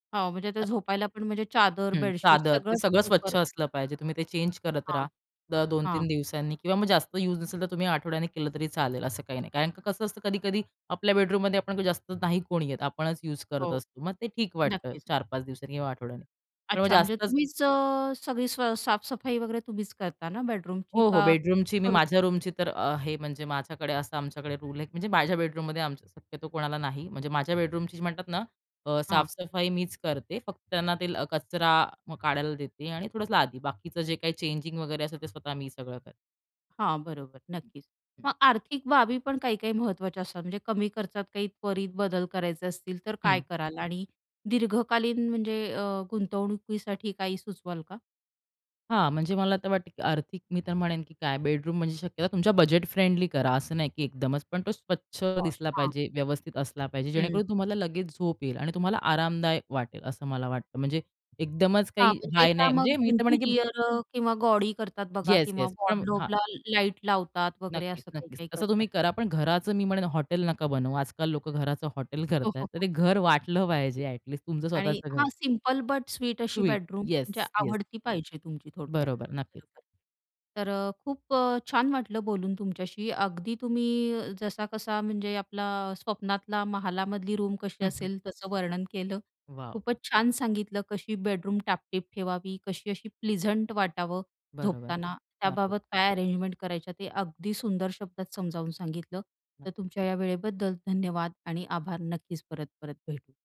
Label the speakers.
Speaker 1: हो, म्हणजे ते
Speaker 2: [unintelligible]
Speaker 1: झोपायलापण म्हणजे चादर,
Speaker 2: हं.
Speaker 1: बेडशीट
Speaker 2: चादर, ते
Speaker 1: सगळं
Speaker 2: सगळं स्वच्छ
Speaker 1: सुकर
Speaker 2: असलं पाहिजे. तुम्ही ते चेंज करत राहा.
Speaker 1: हां.
Speaker 2: दर 2 3
Speaker 1: हां.
Speaker 2: दिवसांनी किंवा मग जास्त यूज नसेल तर तुम्ही आठवड्यानी केलं तरी चालेल. असं काही नाही. कारण का, कसं असतं कधी-कधी आपल्या बेडरूममध्ये आपण जास्त नाही कोणी येत. आपणच यूज करत
Speaker 1: हो.
Speaker 2: असतो. मग ते ठीक वाटतं
Speaker 1: नक्कीच.
Speaker 2: 4-5 दिवसांनी किंवा आठवड्यांनी. पण मग
Speaker 1: अच्छा, म्हणजे
Speaker 2: जास्तच
Speaker 1: तुम्हीच अ, सगळी सा साफ-सफाई वगैरे तुम्हीच करता ना बेडरूमची
Speaker 2: हो, हो,
Speaker 1: का
Speaker 2: बेडरूमची मी
Speaker 1: करून
Speaker 2: माझ्या रूमची तर अ, हे म्हणजे माझ्याकडे असा आमच्याकडे रूल आहे म्हणजे माझ्या बेडरूममध्ये शक्यतो कोणाला नाही म्हणजे माझ्या बेडरूमची म्हणतात ना अ,
Speaker 1: हां.
Speaker 2: साफ-सफाई मीच करते. फक्त त्यांना ते कचरा काढायला देते आणि थोडंसं लादी. बाकीचं जे काही चेंजिंग वगैरे असेल ते स्वतः मी सगळं करते.
Speaker 1: हां, बरोबर नक्कीच,
Speaker 2: हं.
Speaker 1: मग आर्थिक बाबी पण काही-काही महत्त्वाच्या असतात, म्हणजे कमी खर्चात काही त्वरित बदल करायचे असतील तर काय
Speaker 2: हं.
Speaker 1: कराल आणि दीर्घकालीन म्हणजे अ, गुंतवणुकीसाठी काही सुचवाल का?
Speaker 2: हां, म्हणजे मला तर वाटतं, की आर्थिक मी तर म्हणेन, की काय, बेडरूम म्हणजे शक्यतो तुमच्या बजेट-फ्रेंडली करा. असं नाही, की एकदमच, पण तो स्वच्छ
Speaker 1: पॉश,
Speaker 2: दिसला
Speaker 1: हां.
Speaker 2: पाहिजे, व्यवस्थित असला पाहिजे
Speaker 1: हं.
Speaker 2: जेणेकरून तुम्हाला लगेच झोप येईल आणि तुम्हाला आरामदायक वाटेल असं मला वाटतं. म्हणजे एकदमच
Speaker 1: हां,
Speaker 2: काही
Speaker 1: म्हणजे
Speaker 2: हाय
Speaker 1: त्या
Speaker 2: नाही,
Speaker 1: मग
Speaker 2: म्हणजे मी तर म्हणेन, की
Speaker 1: इंटिरिअर अ, किंवा गॉडी करतात बघा
Speaker 2: येस,
Speaker 1: किंवा
Speaker 2: येस पण [unintelligible] हां.
Speaker 1: वॉर्डरोबला लाईट लावतात वगैरे
Speaker 2: नक्कीच,
Speaker 1: असं
Speaker 2: नक्कीच.
Speaker 1: काही-काही
Speaker 2: तसं
Speaker 1: करतात.
Speaker 2: तुम्ही करा पण घराचं मी म्हणेन हॉटेल नका बनवू. आजकाल लोकं घराचं हॉटेल
Speaker 1: हो,
Speaker 2: करतायेत.
Speaker 1: हो,
Speaker 2: तर
Speaker 1: हो.
Speaker 2: ते घर वाटलं पाहिजे ॲट लिस्ट तुमचं
Speaker 1: आणि
Speaker 2: स्वतःचं घर.
Speaker 1: हां, सिंपल बट स्वीट अशी
Speaker 2: स्वीट.
Speaker 1: बेडरूम
Speaker 2: येस,
Speaker 1: म्हणजे
Speaker 2: येस.
Speaker 1: आवडती पाहिजे तुमची थोडक्यात.
Speaker 2: बरोबर, नक्कीच.
Speaker 1: बरोबर, तर अ, खूप अ, छान वाटलं बोलून तुमच्याशी. अगदी तुम्ही, जसा-कसा म्हणजे आपला स्वप्नातला महालामधली रूम कशी
Speaker 2: हं, हं.
Speaker 1: असेल तसं वर्णन केलं.
Speaker 2: वॉव!
Speaker 1: खूपच छान सांगितलं कशी बेडरूम टापटीप ठेवावी, कशी अशी प्लीझंट वाटावं
Speaker 2: बरोबर,
Speaker 1: झोपताना,
Speaker 2: नक्कीच.
Speaker 1: त्याबाबत काय अरेंजमेंट करायच्या ते अगदी सुंदर शब्दात समजावून सांगितलं, तर तुमच्या या वेळेबद्दल धन्यवाद आणि आभार. नक्कीच परत परत भेटू.